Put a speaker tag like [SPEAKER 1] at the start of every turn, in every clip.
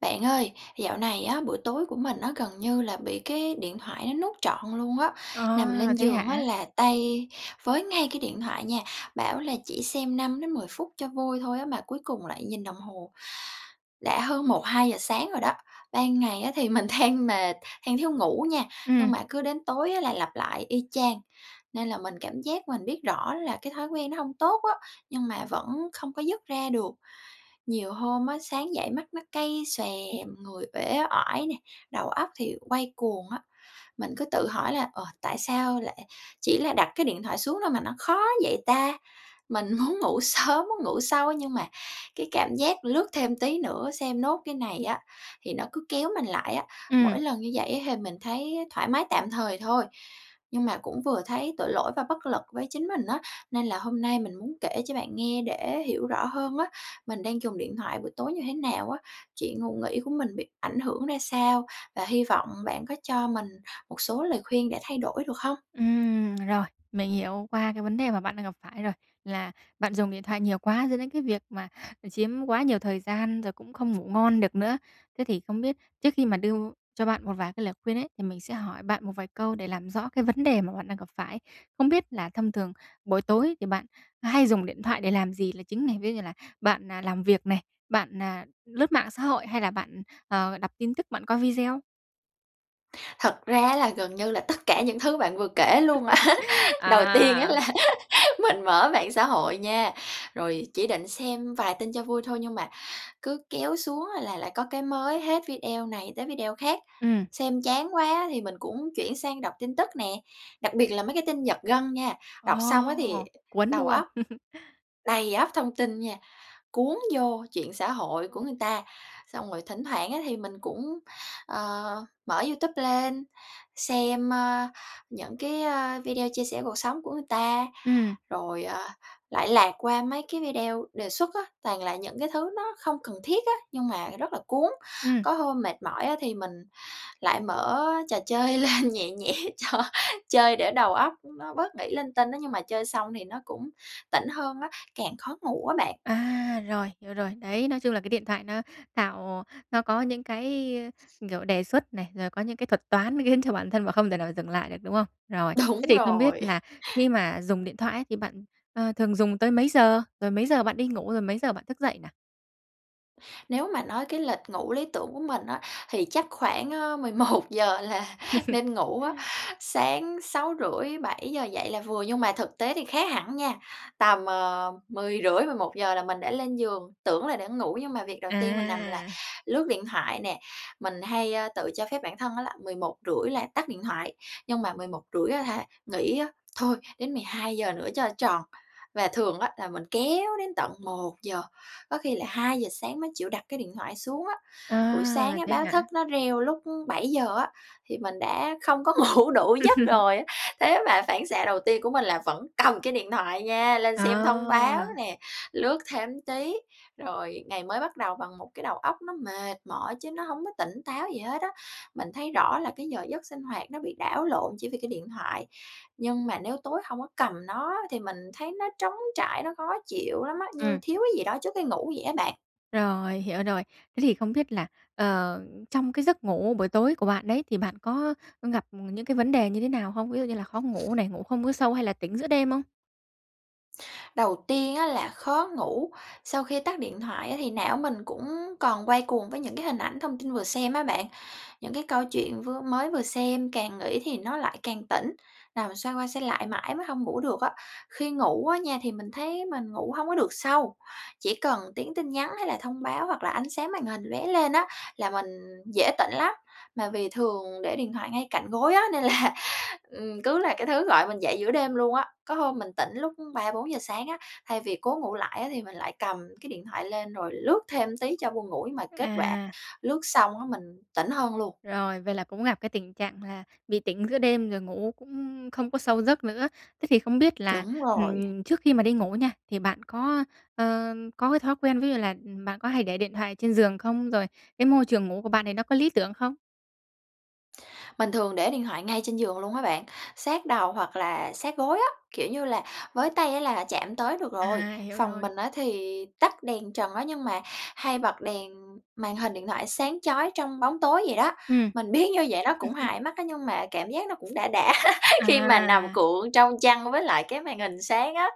[SPEAKER 1] Bạn ơi, dạo này á, buổi tối của mình á gần như là bị cái điện thoại nó nuốt trọn luôn á, nằm
[SPEAKER 2] À,
[SPEAKER 1] lên
[SPEAKER 2] thế
[SPEAKER 1] giường á
[SPEAKER 2] hả?
[SPEAKER 1] là tay với ngay cái điện thoại nha, bảo là chỉ xem 5 đến 10 phút cho vui thôi á, mà cuối cùng lại nhìn đồng hồ đã hơn 1, 2 giờ sáng rồi đó. Ban ngày á thì mình than mệt, than thiếu ngủ nha, nhưng
[SPEAKER 2] Ừm.
[SPEAKER 1] mà cứ đến tối là lặp lại y chang, nên là mình cảm giác mình biết rõ là cái thói quen nó hông tốt á, nhưng mà vẫn không có dứt ra được. Nhiều hôm á, sáng dậy mắt nó cay xè, người uể oải nè, đầu óc thì quay cuồng á. Mình cứ tự hỏi là "Ờ, tại sao lại chỉ là đặt cái điện thoại xuống thôi mà nó khó vậy ta?" Mình muốn ngủ sớm, muốn ngủ sâu nhưng mà cái cảm giác lướt thêm tí nữa xem nốt cái này á, thì nó cứ kéo mình lại á.
[SPEAKER 2] Ừm.
[SPEAKER 1] Mỗi lần như vậy á hì mình thấy thoải mái tạm thời thôi nhưng mà cũng vừa thấy tội lỗi và bất lực với chính mình á, nên là hôm nay mình muốn kể cho bạn nghe để hiểu rõ hơn á, mình đang dùng điện thoại buổi tối như thế nào á, chuyện ngủ nghỉ của mình bị ảnh hưởng ra sao, và hy vọng bạn có cho mình một số lời khuyên để thay đổi, được không?
[SPEAKER 2] Ừm, rồi. Mình hiểu qua cái vấn đề mà bạn đang gặp phải rồi là bạn dùng điện thoại nhiều quá dẫn đến cái việc, mà, ờ, chiếm quá nhiều thời gian rồi cũng không ngủ ngon được nữa. Thế thì không biết trước khi mà đưa cho bạn một vài cái lời khuyên ấy, thì mình sẽ hỏi bạn một vài câu để làm rõ cái vấn đề mà bạn đang gặp phải. Không biết là thông thường buổi tối thì bạn hay dùng điện thoại để làm gì là chính này? Ví dụ là bạn, à, làm việc này, bạn, à, lướt mạng xã hội hay là bạn, ờ, đọc tin tức, bạn coi video?
[SPEAKER 1] Thật ra á là gần như là tất cả những thứ bạn vừa kể luôn. Đầu tiên á
[SPEAKER 2] À.
[SPEAKER 1] là mình mở mạng xã hội nha, rồi chỉ định xem vài tin cho vui thôi nhưng mà cứ kéo xuống là lại có cái mới hết, video này tới video khác.
[SPEAKER 2] Ừm.
[SPEAKER 1] Xem chán quá thì mình cũng chuyển sang đọc tin tức nè, đặc biệt là mấy cái tin giật gân nha,
[SPEAKER 2] Ồ,
[SPEAKER 1] đọc xong á thì
[SPEAKER 2] cuốn,
[SPEAKER 1] đầu
[SPEAKER 2] đúng không?
[SPEAKER 1] óc đầy ắp thông tin nha, cuốn vô chuyện xã hội của người ta. Xong rồi thỉnh thoảng á, thì mình cũng, ờ, mở YouTube lên, xem, ơ, những cái, ơ, video chia sẻ cuộc sống của người ta,
[SPEAKER 2] Ừm.
[SPEAKER 1] rồi, ờ, lại lạc qua mấy cái video đề xuất á, toàn là những cái thứ nó không cần thiết á, nhưng mà rất là cuốn,
[SPEAKER 2] Ừm.
[SPEAKER 1] có hôm mệt mỏi á thì mình lại mở trò chơi lên nhẹ nhẹ cho chơi để đầu óc nó bớt nghĩ linh tinh á, nhưng mà chơi xong thì nó cũng tỉnh hơn á, càng khó ngủ á bạn.
[SPEAKER 2] À, rồi, hiểu rồi. Đấy, nói chung là cái điện thoại nó tạo nó có những cái, ơ, kiểu, đề xuất này, rồi có những cái thuật toán khiến cho bản thân và không thể nào dừng lại được, đúng không? Rồi. Thế
[SPEAKER 1] Đúng
[SPEAKER 2] thì không biết
[SPEAKER 1] rồi.
[SPEAKER 2] là khi mà dùng điện thoại á thì bạn, ờ, thường dùng tới mấy giờ? Rồi mấy giờ bạn đi ngủ? Rồi mấy giờ bạn thức dậy nà?
[SPEAKER 1] Nếu mà nói cái lịch ngủ lý tưởng của mình á thì chắc khoảng, ơ 11:00 là nên ngủ á, sáng 6:30-7:00 dậy là vừa. Nhưng mà thực tế thì khác hẳn nha, tầm, ờ, 10:30-11:00 là mình đã lên giường, tưởng là đã ngủ nhưng mà việc đầu tiên mình nằm là
[SPEAKER 2] À.
[SPEAKER 1] lướt điện thoại nè, mình hay, ơ, tự cho phép bản thân á là 11:30 là tắt điện thoại nhưng mà 11:30 á hả, nghĩ á, thôi đến 12:00 nữa cho tròn, và thường á là mình kéo đến tận 1:00 có khi là 2:00 sáng mới chịu đặt cái điện thoại xuống á. Buổi sáng
[SPEAKER 2] À.
[SPEAKER 1] á
[SPEAKER 2] Thế
[SPEAKER 1] báo
[SPEAKER 2] hả?
[SPEAKER 1] thức nó reo lúc 7:00 á, thì mình đã không có ngủ đủ giấc rồi á. Thế mà phản xạ đầu tiên của mình là vẫn cầm cái điện thoại nha, lên xem thông báo
[SPEAKER 2] À.
[SPEAKER 1] nè, lướt thêm tí, rồi ngày mới bắt đầu bằng một cái đầu óc nó mệt mỏi chứ nó hông có tỉnh táo gì hết á. Mình thấy rõ là cái giờ giấc sinh hoạt nó bị đảo lộn chỉ vì cái điện thoại. Nhưng mà nếu tối hông có cầm nó thì mình thấy nó trống trải, nó khó chịu lắm á, như
[SPEAKER 2] Ừm.
[SPEAKER 1] thiếu cái gì đó trước cái ngủ vậy á bạn.
[SPEAKER 2] Rồi, hiểu rồi. Thế thì không biết là, ờ, trong cái giấc ngủ buổi tối của bạn đấy thì bạn có, ơ, gặp những cái vấn đề như thế nào hông? Ví dụ như là khó ngủ này, ngủ không có sâu hay là tỉnh giữa đêm không?
[SPEAKER 1] Đầu tiên á là khó ngủ, sau khi tắt điện thoại á thì não mình cũng còn quay cuồng với những cái hình ảnh, thông tin vừa xem á bạn, những cái câu chuyện vưa mới vừa xem, càng nghĩ thì nó lại càng tỉnh, nằm xoay qua xoay lại mãi mới hông ngủ được á. Khi ngủ á nha, thì mình thấy mình ngủ hông có được sâu, chỉ cần tiếng tin nhắn hay là thông báo, hoặc là ánh sáng màn hình loé lên á là mình dễ tỉnh lắm, mà vì thường để điện thoại ngay cạnh gối á, nên là, ừ, cứ là cái thứ gọi mình dậy giữa đêm luôn á. Có hôm mình tỉnh lúc 3:00-4:00 sáng á, thay vì cố ngủ lại á thì mình lại cầm cái điện thoại lên rồi lướt thêm tí cho buồn ngủ, nhưng mà kết quả
[SPEAKER 2] À.
[SPEAKER 1] lướt xong á mình tỉnh hơn luôn.
[SPEAKER 2] Rồi, vậy là cũng gặp cái tình trạng là bị tỉnh giữa đêm rồi ngủ cũng không có sâu giấc nữa. Thế thì không biết là,
[SPEAKER 1] Đúng rồi.
[SPEAKER 2] ừm, trước khi mà đi ngủ nha, thì bạn có, ờ, có cái thói quen ví dụ là, ừm, bạn có hay để điện thoại trên giường không, rồi cái môi trường ngủ của bạn thì nó có lý tưởng không?
[SPEAKER 1] Mình thường để điện thoại ngay trên giường luôn á bạn, sát đầu hoặc là sát gối á, kiểu như là, với tay á là chạm tới được rồi.
[SPEAKER 2] À, hiểu
[SPEAKER 1] Phòng
[SPEAKER 2] rồi.
[SPEAKER 1] mình á thì tắt đèn trần á nhưng mà hay bật đèn màn hình điện thoại sáng chói trong bóng tối vậy đó.
[SPEAKER 2] Ừm.
[SPEAKER 1] Mình biết như vậy nó cũng hại mắt á, nhưng mà cảm giác nó cũng đã đã khi mà nằm
[SPEAKER 2] À.
[SPEAKER 1] cuộn trong chăn với lại cái màn hình sáng á.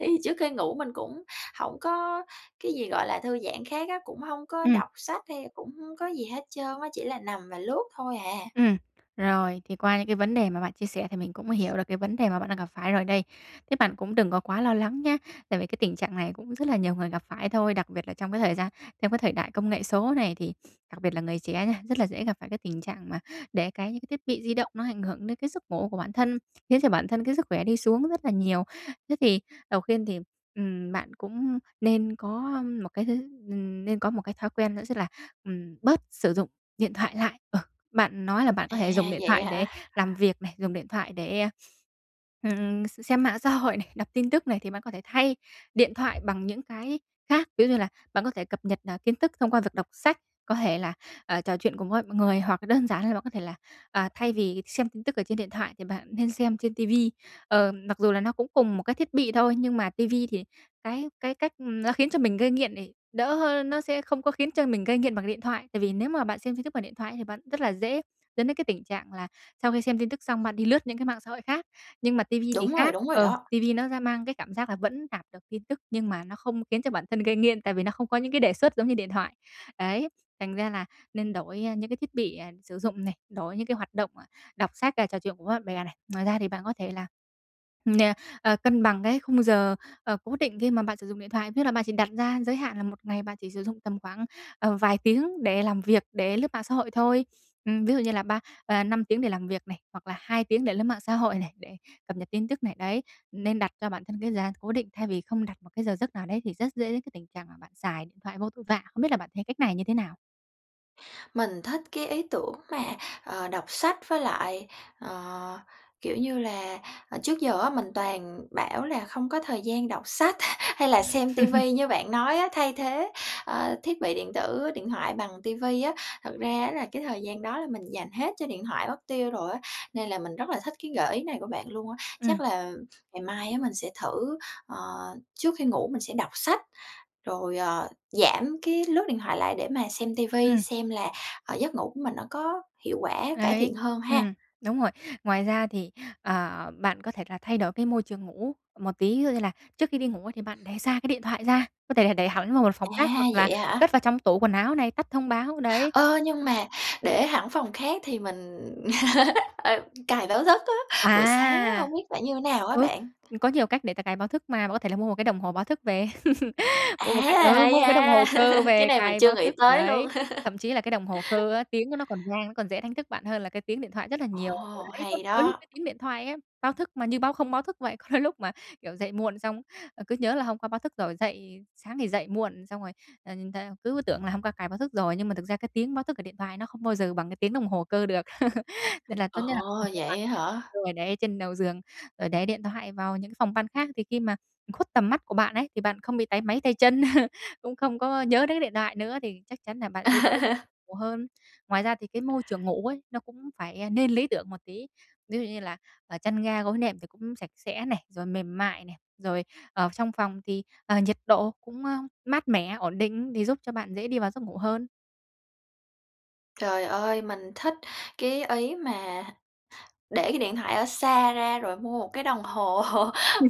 [SPEAKER 1] Thì trước khi ngủ mình cũng hổng có cái gì gọi là thư giãn khác á, cũng hông có
[SPEAKER 2] Ừm.
[SPEAKER 1] đọc sách hay cũng hông có gì hết trơn á, chỉ là nằm và lướt thôi à.
[SPEAKER 2] Ừm. Rồi, thì qua những cái vấn đề mà bạn chia sẻ thì mình cũng hiểu được cái vấn đề mà bạn đang gặp phải rồi đây. Thế bạn cũng đừng có quá lo lắng nhá. Tại vì cái tình trạng này cũng rất là nhiều người gặp phải thôi, đặc biệt là trong cái thời gian trong cái thời đại công nghệ số này thì đặc biệt là người trẻ nha, rất là dễ gặp phải cái tình trạng mà để cái những cái thiết bị di động nó ảnh hưởng đến cái giấc ngủ của bản thân, khiến cho bản thân cái sức khỏe đi xuống rất là nhiều. Thế thì đầu khiên thì, ừm, bạn cũng nên có một cái thứ ừm, nên có một cái thói quen nữa rất là ừm, bớt sử dụng điện thoại lại. Ừ, bạn nói là bạn có thể dùng
[SPEAKER 1] À,
[SPEAKER 2] điện
[SPEAKER 1] vậy
[SPEAKER 2] thoại để
[SPEAKER 1] hả?
[SPEAKER 2] làm việc này, dùng điện thoại để, ừm, x xem mạng xã hội này, đọc tin tức này thì bạn có thể thay điện thoại bằng những cái khác. Ví dụ như là bạn có thể cập nhật, ờ, kiến thức thông qua việc đọc sách, có thể là, ờ, trò chuyện cùng với mọi người hoặc là đơn giản là bạn có thể là, à, thay vì xem tin tức ở trên điện thoại thì bạn nên xem trên ti vi. Ờ, mặc dù là nó cũng cùng một cái thiết bị thôi, nhưng mà ti vi thì cái cái cách, ừm, nó khiến cho mình gây nghiện thì đỡ hơn, nó sẽ không có khiến cho mình mình gây nghiện bằng điện thoại. Tại vì nếu mà bạn xem tin tức bằng điện thoại thì bạn rất là dễ dẫn đến cái tình trạng là sau khi xem tin tức xong bạn đi lướt những cái mạng xã hội khác nhưng mà ti vi thì
[SPEAKER 1] Đúng rồi,
[SPEAKER 2] khác,
[SPEAKER 1] đúng rồi
[SPEAKER 2] ờ,
[SPEAKER 1] đó.
[SPEAKER 2] ti vi nó sẽ mang cái cảm giác là vẫn đạt được tin tức nhưng mà nó không khiến cho bản thân gây nghiện, tại vì nó không có những cái đề xuất giống như điện thoại. Đấy, thành ra là nên đổi, ơ, những cái thiết bị, à, sử dụng này, đổi những cái hoạt động, à, đọc sách và trò chuyện cùng với bạn bè này. Ngoài ra thì bạn có thể là nè, ờ, cân bằng cái khung giờ, ờ, cố định khi mà bạn sử dụng điện thoại, nghĩa là bạn chỉ đặt ra giới hạn là 1 ngày bạn chỉ sử dụng tầm khoảng, ờ, vài tiếng để làm việc, để lướt mạng xã hội thôi. Ừm, ví dụ như là ba ờ, 5 tiếng để làm việc này, hoặc là 2 tiếng để lướt mạng xã hội này, để cập nhật tin tức này, đấy, nên đặt cho bản thân cái giá cố định thay vì không đặt một cái giờ giấc nào đấy thì rất dễ đến cái tình trạng mà bạn xài điện thoại vô tội vạ. Không biết là bạn thấy cách này như thế nào?
[SPEAKER 1] Mình thích cái ý tưởng mà, ờ, đọc sách với lại, ờ, kiểu như là, à, trước giờ á mình toàn bảo là không có thời gian đọc sách hay là xem ti vi như bạn nói á, thay thế, ơ, thiết bị điện tử, điện thoại bằng ti vi á. Thật ra á là cái thời gian đó là mình dành hết cho điện thoại mất tiêu rồi á, nên là mình rất là thích cái gợi ý này của bạn luôn á. Chắc
[SPEAKER 2] Ừm.
[SPEAKER 1] là ngày mai á, mình sẽ thử, ờ, trước khi ngủ mình sẽ đọc sách, rồi, ờ, giảm cái lướt điện thoại lại để mà xem ti vi,
[SPEAKER 2] Ừm.
[SPEAKER 1] xem là, ờ, giấc ngủ của mình nó có hiệu quả cải thiện
[SPEAKER 2] Đấy,
[SPEAKER 1] hơn ha.
[SPEAKER 2] ừm, đúng rồi. Ngoài ra thì, ờ, bạn có thể là thay đổi cái môi trường ngủ một tí, ví dụ như là trước khi đi ngủ ấy thì bạn để xa cái điện thoại ra, có thể là đẩy hẳn vào một phòng khác
[SPEAKER 1] À,
[SPEAKER 2] hoặc là
[SPEAKER 1] vậy hả?
[SPEAKER 2] cất vào trong tủ quần áo này, tắt thông báo, đấy.
[SPEAKER 1] Ơ, nhưng mà để hẳn phòng khác thì mình, ờ, cài báo giấc á, buổi sáng á,
[SPEAKER 2] À!
[SPEAKER 1] hông biết phải như nào á
[SPEAKER 2] Ừ,
[SPEAKER 1] bạn?
[SPEAKER 2] có nhiều cách để ta cài báo thức mà. Bạn có thể là mua một cái đồng hồ báo thức về,
[SPEAKER 1] À,
[SPEAKER 2] mua một cái ừ,
[SPEAKER 1] hay
[SPEAKER 2] mua một cái đồng hồ
[SPEAKER 1] ha,
[SPEAKER 2] cơ
[SPEAKER 1] cái
[SPEAKER 2] về
[SPEAKER 1] này mình
[SPEAKER 2] cài
[SPEAKER 1] chưa
[SPEAKER 2] báo
[SPEAKER 1] nghĩ
[SPEAKER 2] thức,
[SPEAKER 1] tới luôn.
[SPEAKER 2] đấy. Thậm chí là cái đồng hồ cơ á, tiếng của nó còn ngang, nó còn dễ đánh thức bạn hơn là cái tiếng điện thoại rất là nhiều. Ừ,
[SPEAKER 1] Ồ,
[SPEAKER 2] đấy
[SPEAKER 1] hay
[SPEAKER 2] [unintelligible] những
[SPEAKER 1] đó.
[SPEAKER 2] cái tiếng điện thoại á, báo thức mà như báo không báo thức vậy. Có đôi lúc mà, kiểu, dậy muộn xong, ờ, cứ nhớ là hôm qua báo thức rồi dậy sáng thì dậy muộn, xong rồi, ờ, nhìn theo cứ tưởng là hôm qua cài báo thức rồi, nhưng mà thực ra cái tiếng báo thức ở điện thoại nó không bao giờ bằng cái tiếng đồng hồ cơ được. Nên là
[SPEAKER 1] Ồ,
[SPEAKER 2] tốt nhất là
[SPEAKER 1] vậy á hả?
[SPEAKER 2] [unintelligible] để trên đầu giường, rồi để điện thoại vào những phòng ban khác, thì khi mà khuất tầm mắt của bạn ấy, thì bạn không bị táy máy tay chân, cũng không có nhớ đến cái điện thoại nữa thì chắc chắn nà bạn sẽ ngủ hơn. Ngoài ra thì cái môi trường ngủ ấy, nó cũng phải, ơ, nên lý tưởng một tí. Ví dụ như là, ờ, chăn ga gối nệm thì cũng sạch sẽ này, rồi mềm mại này, rồi ở trong phòng thì, ờ, nhiệt độ cũng, ơ, mát mẻ, ổn định để giúp cho bạn dễ đi vào giấc ngủ hơn.
[SPEAKER 1] Trời ơi, mình thích cái ý mà để cái điện thoại ở xa ra rồi mua một cái đồng hồ,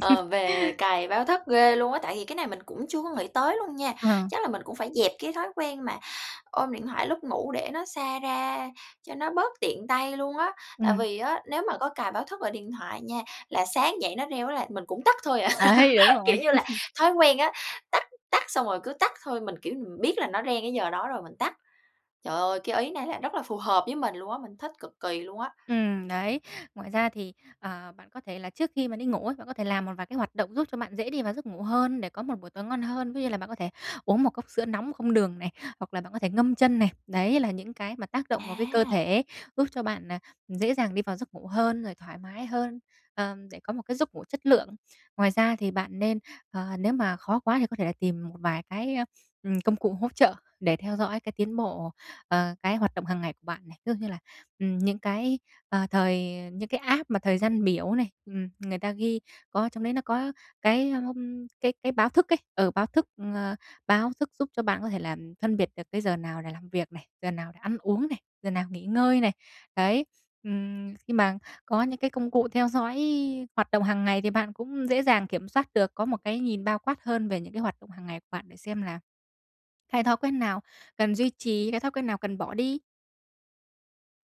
[SPEAKER 1] ờ, về cài báo thức ghê luôn á. Tại vì cái này mình cũng chưa có nghĩ tới luôn nha.
[SPEAKER 2] Ờ.
[SPEAKER 1] Chắc là mình cũng phải dẹp cái thói quen mà ôm điện thoại lúc ngủ để nó xa ra cho nó bớt tiện tay luôn á. Tại
[SPEAKER 2] Ừm.
[SPEAKER 1] vì á, nếu mà có cài báo thức ở điện thoại nha, là sáng dậy nó reo á là mình cũng tắt thôi à.
[SPEAKER 2] Đấy, đúng rồi.
[SPEAKER 1] Kiểu như là, thói quen á, tắt tắt xong rồi cứ tắt thôi, mình, kiểu, mình biết là nó reng cái giờ đó rồi mình tắt. Trời ơi, cái ý này là rất là phù hợp với mình luôn á, mình thích cực kỳ luôn á.
[SPEAKER 2] Ừm, đấy. Ngoài ra thì, ờ, bạn có thể là trước khi mà đi ngủ ấy, bạn có thể làm một vài cái hoạt động giúp cho bạn dễ đi vào giấc ngủ hơn để có một buổi tối ngon hơn. Ví dụ như là bạn có thể uống 1 cốc sữa nóng không đường này, hoặc là bạn có thể ngâm chân này. Đấy là những cái mà tác động vào cái cơ
[SPEAKER 1] À!
[SPEAKER 2] thể, giúp cho bạn, à, dễ dàng đi vào giấc ngủ hơn, rồi thoải mái hơn, ờm, để có một cái giấc ngủ chất lượng. Ngoài ra thì bạn nên ờ, nếu mà khó quá thì có thể là tìm một vài cái, a, ừm, công cụ hỗ trợ để theo dõi cái tiến bộ ờ, cái hoạt động hàng ngày của bạn này. Ví dụ như là, ừm, những cái, ờ, thời những cái app mà thời gian biểu này, ừm, người ta ghi có ở trong đấy nó có cái, ờm, cái cái báo thức ấy, ừ, báo thức, ờ, báo thức giúp cho bạn có thể là, phân biệt được cái giờ nào để làm việc này, giờ nào để ăn uống này, giờ nào nghỉ ngơi này. Đấy, ừm, khi mà có những cái công cụ theo dõi hoạt động hàng ngày thì bạn cũng dễ dàng kiểm soát được, có một cái nhìn bao quát hơn về những cái hoạt động hàng ngày của bạn để xem là cái thói quen nào cần duy trì, cái thói quen nào cần bỏ đi.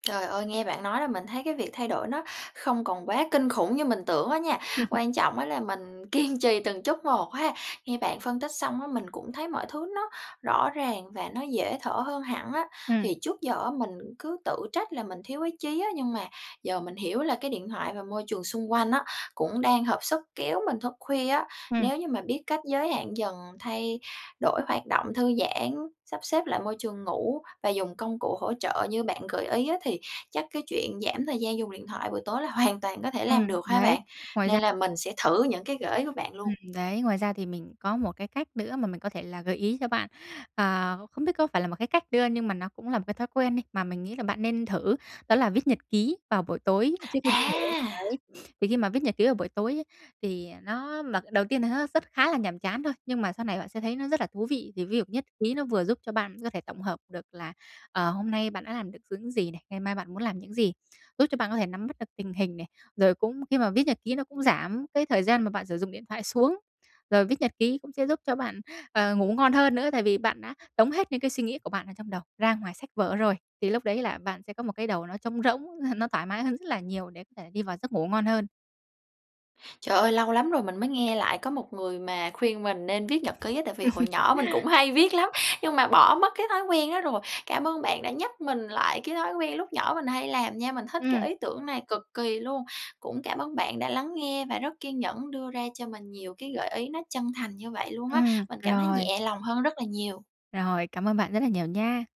[SPEAKER 1] Trời ơi! Nghe bạn nói là mình thấy cái việc thay đổi nó không còn quá kinh khủng như mình tưởng á nha, quan trọng á là mình kiên trì từng chút một ha. Nghe bạn phân tích xong á, mình cũng thấy mọi thứ nó rõ ràng và nó dễ thở hơn hẳn á.
[SPEAKER 2] Ừm.
[SPEAKER 1] Thì trước giờ á mình cứ tự trách là mình thiếu ý chí á, nhưng mà giờ mình hiểu là cái điện thoại và môi trường xung quanh á, cũng đang hợp sức kéo mình thức khuya á.
[SPEAKER 2] Ừm.
[SPEAKER 1] Nếu như mà biết cách giới hạn dần thay đổi hoạt động thư giãn, sắp xếp lại môi trường ngủ và dùng công cụ hỗ trợ như bạn gợi ý á, thì chắc cái chuyện giảm thời gian dùng điện thoại buổi tối là hoàn toàn có thể làm
[SPEAKER 2] Ừm,
[SPEAKER 1] được ha
[SPEAKER 2] đấy.
[SPEAKER 1] bạn?
[SPEAKER 2] Ngoài ra
[SPEAKER 1] Nên là mình sẽ thử những cái gợi ý của bạn
[SPEAKER 2] Ừm,
[SPEAKER 1] luôn.
[SPEAKER 2] đấy ngoài ra thì mình có một cái cách nữa mà mình có thể là gợi ý cho bạn, à, không biết có phải là một cái cách đưa nhưng mà nó cũng là một cái thói quen đi, mà mình nghĩ là bạn nên thử đó là viết nhật ký vào buổi tối trước khi đi ngủ.
[SPEAKER 1] À!
[SPEAKER 2] Đấy, thì khi mà viết nhật ký vào buổi tối á, thì nó mà, ờ, đầu tiên là nó rất khá là nhàm chán thôi, nhưng mà sau này bạn sẽ thấy nó rất là thú vị. Thì ví dụ nhất ký nó vừa giúp cho bạn có thể tổng hợp được là, ờ, hôm nay bạn đã làm được những gì này, ngày mai bạn muốn làm những gì, giúp cho bạn có thể nắm bắt được tình hình này. Rồi cũng khi mà viết nhật ký nó cũng giảm cái thời gian mà bạn sử dụng điện thoại xuống. Rồi viết nhật ký cũng sẽ giúp cho bạn, ờ, ngủ ngon hơn nữa tại vì bạn đã tống hết những cái suy nghĩ của bạn ở trong đầu ra ngoài sách vở rồi, thì lúc đấy là bạn sẽ có một cái đầu nó trống rỗng, ơ, nó thoải mái hơn rất là nhiều để có thể đi vào giấc ngủ ngon hơn.
[SPEAKER 1] Trời ơi! Lâu lắm rồi mình mới nghe lại có một người mà khuyên mình nên viết nhật ký á, tại vì hồi nhỏ mình cũng hay viết lắm, nhưng mà bỏ mất cái thói quen đó rồi. Cảm ơn bạn đã nhắc mình lại cái thói quen lúc nhỏ mình hay làm nha, mình thích cái
[SPEAKER 2] Ừm.
[SPEAKER 1] ý tưởng này cực kỳ luôn. Cũng cảm ơn bạn đã lắng nghe và rất kiên nhẫn đưa ra cho mình nhiều cái gợi ý nó chân thành như vậy luôn á,
[SPEAKER 2] Ừm,
[SPEAKER 1] mình cảm thấy
[SPEAKER 2] rồi.
[SPEAKER 1] nhẹ lòng hơn rất là nhiều.
[SPEAKER 2] Rồi, cảm ơn bạn rất là nhiều nha.